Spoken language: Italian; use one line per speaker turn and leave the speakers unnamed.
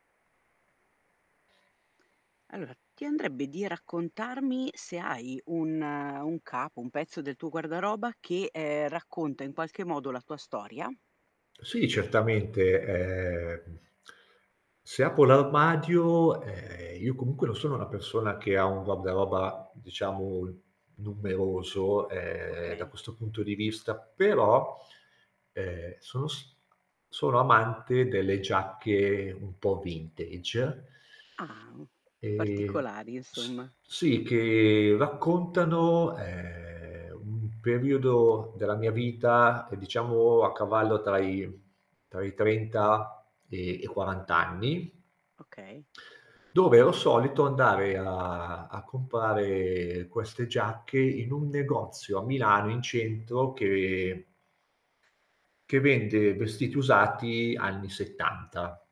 Allora, ti andrebbe di raccontarmi se hai un un capo, un pezzo del tuo guardaroba che, ehm, racconta in qualche modo la tua storia?
Sì, certamente, ehm, se apro l'armadio, ehm, io comunque non sono una persona che ha un guardaroba, diciamo, numeroso, ehm, da
Okay.
questo punto di vista, però, ehm, sono s sono amante delle giacche un po' vintage.
Ah.
Ehm,
Particolari,
s
insomma.
sì, che raccontano, ehm, un periodo della mia vita, diciamo, a cavallo tra i tra i 30 e i 40 anni.
Okay.
Dove ero solito andare a a comprare queste giacche, in un negozio a Milano, in centro, che che vende vestiti usati anni '70.